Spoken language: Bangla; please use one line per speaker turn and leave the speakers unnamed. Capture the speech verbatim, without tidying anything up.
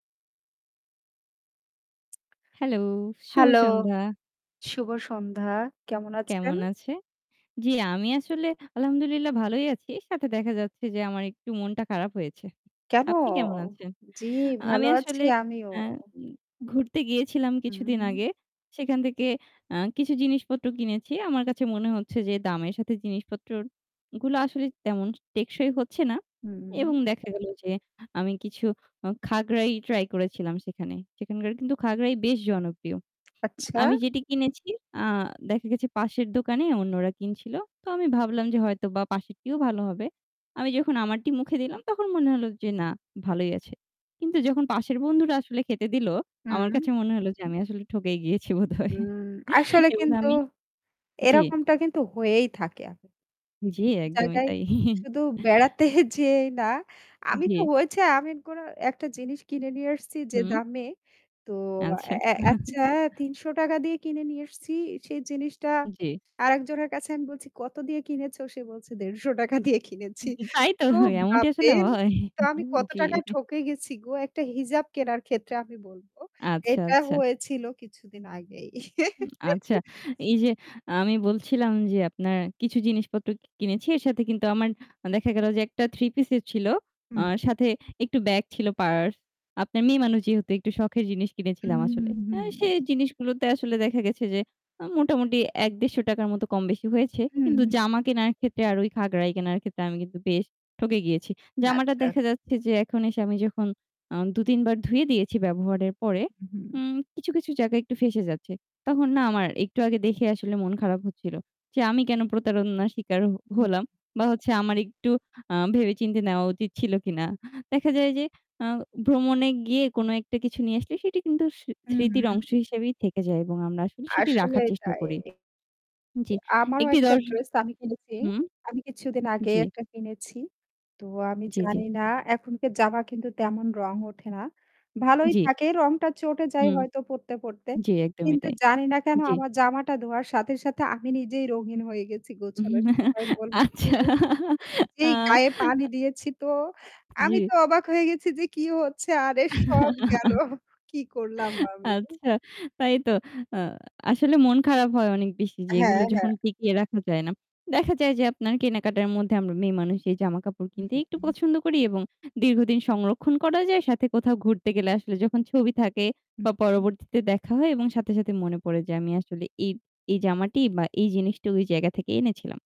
হ্যালো, শুভ
হ্যালো,
সন্ধ্যা।
শুভ সন্ধ্যা কেমন আছেন?
কেমন আছে? জি আমি আসলে আলহামদুলিল্লাহ ভালোই আছি। এর সাথে দেখা যাচ্ছে যে আমার একটু মনটা খারাপ হয়েছে।
কেন?
আপনি কেমন আছেন?
জ্বি,
আমি
ভালো আছি
আসলে
আমিও।
অ্যা ঘুরতে গিয়েছিলাম কিছুদিন
হুম।
আগে। সেখান থেকে আ কিছু জিনিসপত্র কিনেছি। আমার কাছে মনে হচ্ছে যে দামের সাথে জিনিসপত্রর গুলো আসলে তেমন টেকসই হচ্ছে না। এবং
হুম।
দেখা গেল যে আমি কিছু আ- খাগড়াই ট্রাই করেছিলাম সেখানে। সেখানকার কিন্তু খাগড়াই বেশ জনপ্রিয়।
আচ্ছা।
আমি যেটি কিনেছি আ দেখা গেছে পাশের দোকানে অন্যরা কিনছিল। তো আমি ভাবলাম যে হয়তোবা পাশেরটিও ভালো হবে। আমি যখন আমারটি মুখে দিলাম তখন মনে হলো যে না ভালোই আছে। কিন্তু যখন পাশের বন্ধুরা আসলে খেতে দিলো আমার
হুম।
কাছে মনে হলো যে আমি আসলে ঠকেই গিয়েছি বোধহয়।
হুম, আসলে
এবং
কিন্তু
আমি জি।
এরকমটা কিন্তু হয়েই থাকে আ
জি,
বিভিন্ন
একদমই
জায়গায়
তাই।
শুধু বেড়াতে যেয়েই না, আমি তো
জি।
হয়েছে, আমি গরা একটা জিনিস কিনে নিয়ে এসছি যে
হুম।
দামে তো
আচ্ছা।
এ এ আচ্ছা তিনশ টাকা দিয়ে কিনে নিয়ে এসেছি। সেই জিনিসটা
জি।
আরেকজনের কাছে আমি বলছি কত দিয়ে কিনেছ? সে বলছে "দেড়শো টাকা দিয়ে কিনেছি।"
তাই হয় তো
তো
এমনটি আসলে
ভাববেন
হয়।
তো আমি কত
জি।
টাকায় ঠকে গেছি গো? একটা হিজাব কেনার ক্ষেত্রে আমি বলবো।
আচ্ছা,
এটা
আচ্ছা।
হয়েছিল কিছুদিন আগেই।
উম আচ্ছা, এই যে আমি বলছিলাম যে আপনার কিছু জিনিসপত্র কি কিনেছি এর সাথে কিন্তু আমার দেখা গেল যে একটা three পিসও ছিল।
হু,
আর
হু।
সাথে একটু ব্যাগ ছিল পার্স। আপনার মেয়ে মানুষ যেহেতু একটু শখের জিনিস কিনেছিলাম
হুম,
আসলে।
হুম, হুম।
অ্যা সেই জিনিসগুলোতে আসলে দেখা গেছে যে আ মোটামুটি এক-দেড়শো টাকার মতো কম-বেশি হয়েছে।
হু,
কিন্তু
হু।
জামা কেনার ক্ষেত্রে আর ওই খাগড়াই কেনার ক্ষেত্রে আমি কিন্তু বেশ ঠকে গিয়েছি। জামাটা
আচ্ছা।
দেখা যাচ্ছে যে এখন এসে আমি যখন আ দু-তিন বার ধুয়ে দিয়েছি ব্যবহারের পরে
হু, হু।
উম কিছু, কিছু জায়গায় একটু ফেঁসে যাচ্ছে। তখন না আমার একটু আগে দেখে আসলে মন খারাপ হচ্ছিল। যে আমি কেন প্রতারণা স্বীকার হ
হুম।
হলাম বা হচ্ছে আমার একটু আ ভেবে-চিন্তে নেওয়া উচিত ছিল কিনা। দেখা যায় যে আ ভ্রমণে গিয়ে কোনো একটা কিছু নিয়ে আসলে সেটি কিন্তু সি
হু, হু,
স্মৃতির অংশ
হু।
হিসেবেই থেকে যায়। এবং আমরা আসলে সেটি রাখার
আসলেই
চেষ্টা
তাই।
করি। জি
আমারও
একটি
একটা
দর্শ
ড্রেস আমি কিনেছি।
হুম।
আমি কিছুদিন আগেই
জি।
একটা কিনেছি। তো আমি
জি, জি।
জানি না এখনকার জামা কিন্তু তেমন রং ওঠে না। ভালই
জি।
থাকে রংটা চটে যায়
হুম।
হয়তো পড়তে, পড়তে।
জি, একদমই
কিন্তু
তাই।
জানি না কেন
জি।
আমার জামাটা ধোয়ার সাথে, সাথে আমি নিজেই রঙিন হয়ে গেছি গোছানোর
হুম
সময় বলবো কি
আচ্ছা, আ
যেই গায়ে পানি
আ
দিয়েছি তো, আমি তো
জি।
অবাক হয়ে গেছি যে কি হচ্ছে আরে সব গেলো। কি করলাম আমি।
আচ্ছা তাই তো। আ আসলে মন খারাপ হয় অনেক বেশি যে
হ্যাঁ,
এগুলো
হ্যাঁ।
যখন টিকিয়ে রাখা যায় না। দেখা যায় যে আপনার কেনাকাটার মধ্যে আমরা মেয়েমানুষ এই জামাকাপড়
হু,
কিনতে
হু,
একটু
হু।
পছন্দ করি এবং দীর্ঘদিন সংরক্ষণ করা যায় সাথে কোথাও ঘুরতে গেলে আসলে যখন ছবি থাকে তা
[unintelligible]
পরবর্তীতে দেখা হয় এবং সাথে, সাথে মনে পড়ে যে আমি আসলে এই, এই জামাটি বা এই জিনিসটা ওই জায়গা থেকে এনেছিলাম।